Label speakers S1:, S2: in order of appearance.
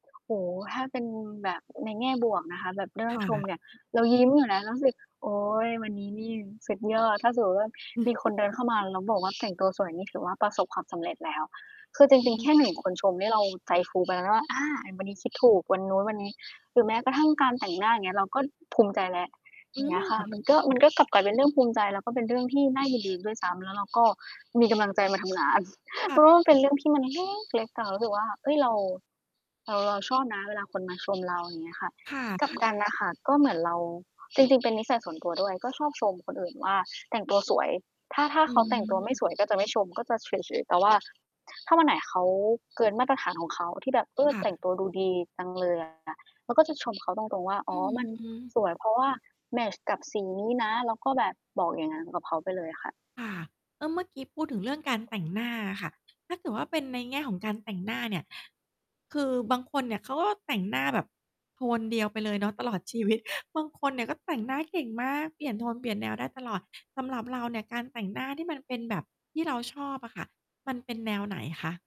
S1: โอ้โฮ ถ้าเป็นแบบ ในแง่บวกนะคะแบบเรื่อ
S2: ค
S1: ง
S2: ่
S1: ชม
S2: ะ
S1: เนี่ย เรายิ้มอยู่นะ เรารู้สึก โอ๊ย วันนี้นี่สุดยอด ถ้าสมมุติว่า
S2: อือ
S1: มีค
S2: ฮ
S1: น
S2: ึ
S1: เดินเข้ามาแล้วบอกว่า แต่งตัวสวยนี่ ถือว่าประสบความสำเร็จแล้ว คือจร
S2: อื
S1: ิง ๆ แค่ 1
S2: ม
S1: คนชมนี่เราใจฟูไปแล้วว่า อา วันนี้คิดถูกวันนู้นวันนี้ หรือแม้กระทั่งการแต่งหน้า อย่างเงี้ย เราก็ภูมิใจแล้ว อ
S2: อ
S1: ย
S2: ื
S1: ่างเงี้ยค่ะ
S2: ม
S1: มันก็ มันก็กลับกลายเป็นเรื่องภูมิใจ แล้วก็เป็นเรื่องที่น่ายินดีด้วยซ้ำ แล้วเราก็มีกำลังใจมาทำงาน
S2: ค
S1: เพ
S2: ่
S1: รา
S2: ะ
S1: ะว่า มันเป็นเรื่องที่มันเล้กเล็กอะ รู้สึกว่า เฮ้ย เรา เรา เราชอบนะเวลาคนมาชมเรา อย่างเงี้ยค่ะ
S2: ค่ะ
S1: กลั
S2: ค
S1: บ
S2: ่
S1: กัน
S2: ะ
S1: น่ะค่ะ ก็เหมือนเรา จริง ๆ เป็นนิสัยส่วนตัวด้วย ก็ชอบชมคนอื่นว่า แต่งตัวสวย ถ้า ถ้า
S2: อื
S1: เขาแต่งตัวไม่
S2: ม
S1: สวย ก็จะไม่ชม ก็จะเฉย ๆ แต่ว่า ถ ถ้าวันไหนเขาเกินมาตรฐานของเขาที่แบบ เออ
S2: ค่
S1: แต่ง
S2: ะ
S1: ตัวดูดีจังเลยอะ แล้วก็จะชมเขาตรง ๆ ว่า อ๋
S2: อื
S1: อ มัน
S2: ม
S1: สวย เพราะว่าแมตช์กับสีนี้นะ เราก็แบบบอกอย่างนั้นกับเขาไปเลยอะค่ะ
S2: ค่ะ เออ เมื่อกี้พูดถึงเรื่องการ แต่งหน้าอะค่ะ ถ้าเกิดว่า เป็นในแง่ของการแต่งหน้าเนี่ย คือบางคนเนี่ย เขาก็แต่งหน้าแบบ โทนเดียวไปเลยเนาะตลอดชีวิต บางคนเนี่ยก็แต่ง หน้าเก่งมาก เปลี่ยนโทนเปลี่ยนแนวได้ตลอด สำหรับเราเนี่ยการแต่งหน้าที่มันเป็นแบบ ที่เราชอบอะค่ะ มัน เป็นแนวไหนคะ?